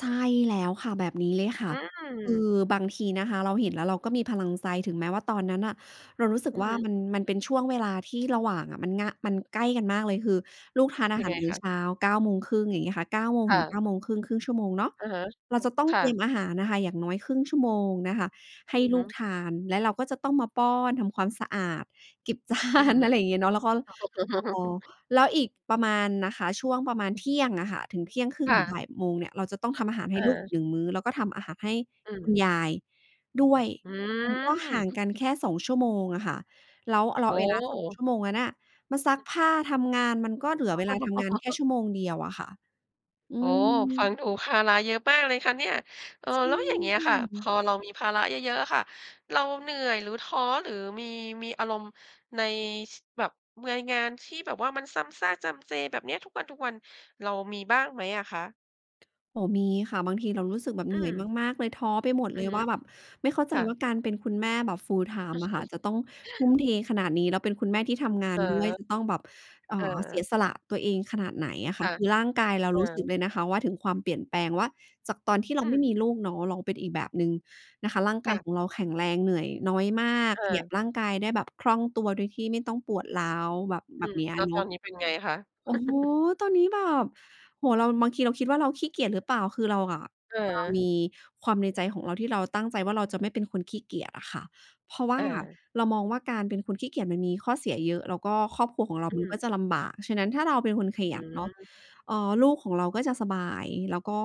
ใช่แล้วค่ะ แบบนี้เลยค่อะ ืคือม บางทีนะคะ เราเห็นแล้วเราก็มีพลังใจ ถึงแม้ว่าตอนนั้นน่ะเรารู้สึอกือว่าฮึ มัน มันเป็นช่วงเวลาที่ระหว่างอะ มัน ง มันใกล้กันมากเลย คือลูกทานอายัหงาไงรมื้คอะ? เช้า 9:30 อย่างเงี้ยค่ะ เก้าโมงค่ถึงเะ ก้าโมงครึ่ง ครึ่งชั่วโมงเนาะ อะฮะ เราจะต้องค่เตรีะ ยมอาหารนะคะ อย่างน้อยครึ่งชั่วโมงนะคะให้อือฮลูึ กทาน แล้วเราก็จะต้องมาป้อน ทำความสะอาด เก็บจาอือฮน ึ อะไรอย่างเงี้ยเนาะ แล้วก็ ล เออ แล้วอีกประมาณนะคะ ช่วงประมาณ 12:00 อะค่ะ ถึง เที่ยงครึ่คง่ถึงะ บ่ายโมง เนี่ย เราจะต้องทำอาหารใหอ้ลูกอีก า 1 มื้อ แล้วก็ทำอาหารให้อืคุณม ยายด้วย มันก็ห่าหือ งกันแค่ 2 ชั่วโมงอะค่ะ แล้ว อ เรโาอ้เวลา สโอง ฮ ชั่วโมงนั้นอะ มาซักอ ผ้า ทำงาน มันก็เหลือเวลาทำงานแค่ชั่วโมงเดียวอะค่ะ อืโอ้โฮ ม ฟังดูภาระเยอะมากเลยค่ะเนี่ย เออ ใช่แล้วอย่างเงี้คยค่ะ พ่ะ อเรามีภาระเยอะ ๆ อะค่ะ เราเหนื่อย หรือท้อ หรือมี มีอารมณ์ ใน ชิ แบบเมือยงานที่แบบว่า มันซ้ำชากจำเจ แบบเนี้ยทุกวัน ๆ เรามีบ้างไหมอะคะ? โอ้โฮ มีค่ะ บางทีเรารู้สึกแบบอเืหนื่อยม มาก ๆ เลย ท้อไปหมดอเลือยฮึ ว่าแบบ ไม่เข้าใจค่ว่ะ าการเป็นคุณแม่แบบ Full-Time อะค่ะ จะต้องทุ่มเทขนาดนี้ แล้วเป็นคุณแม่ที่ทำงาเนด้วย ออ จะต้องแบบ เอ่อ เสีเออ ยสละตัวเองขนาดไหนอะคค่ะ ่ะ คือร่างกายเราเอรู้สึกอ เลยนะคะว่าถึงความเปลี่ยนแปลงว่าจากตอนที่เอรืาไม่ม มีลูกเนาะ เราเป็นอีกแบบหนึ่งนะคะ ร่างคก่ายะ ของเราแข็งแรง เหนื่อยน้อยมาก เขยัออ บร่างกายได้แบบคล่องตัว โดยที่ไม่ต้องปวดร้าว แบบ แอบืบม เนี้ยแอล้ะวเนตาอะ นนี้เป็นไงคะ? โอ้โฮ ตอนนี้แบบ โอ้โฮ เรา บางทีเราคิดว่าเราขี้เกียจหรือเปล่า คือเราอะจะมเออ ีความในใจของเราที่เราตั้งใจว่าเราจะไม่เป็นคนขี้เกียจอะค่ะ เพราะว่าอา เรามองว่าการเป็นคนขี้เกียจมันมีข้อเสียเยอะ แล้วก็ครอบครัวของเราอืมันม ก็จะลำบาก ฉะนั้นถ้าเราเป็นคนขอยันเนาะ ือ เอ่อ ลูกของเราก็จะสบาย แล้วก็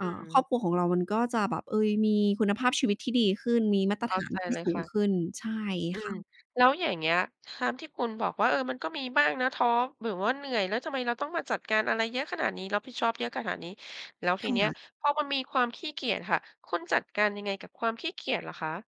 ออ่า ืครอ อบครัวของเรามันก็จะแบบ เอ๊ย มีคุณภาพชีวิตที่ดีขึ้น มีมาตเรข้ฐาาในจที่เลยสูคง่ะ ขึ้น ใช่อืคอ ่ะ แล้วอย่างเงี้ย ตามที่คุณบอกว่า เออ มันก็มีบ้างนะ ท้อ หรือว่าเหนื่อย แล้วทำไมเราต้องมาจัดการอะไรเยอะขนาดนี้ รับผิดชอบเยอะขนาดนี้ แล้วทคีเนี้ย่ะ พอมันมีความขี้เกียจค่ะ คุณจัดการยังไงกับความขี้เกียจเหรอคะ?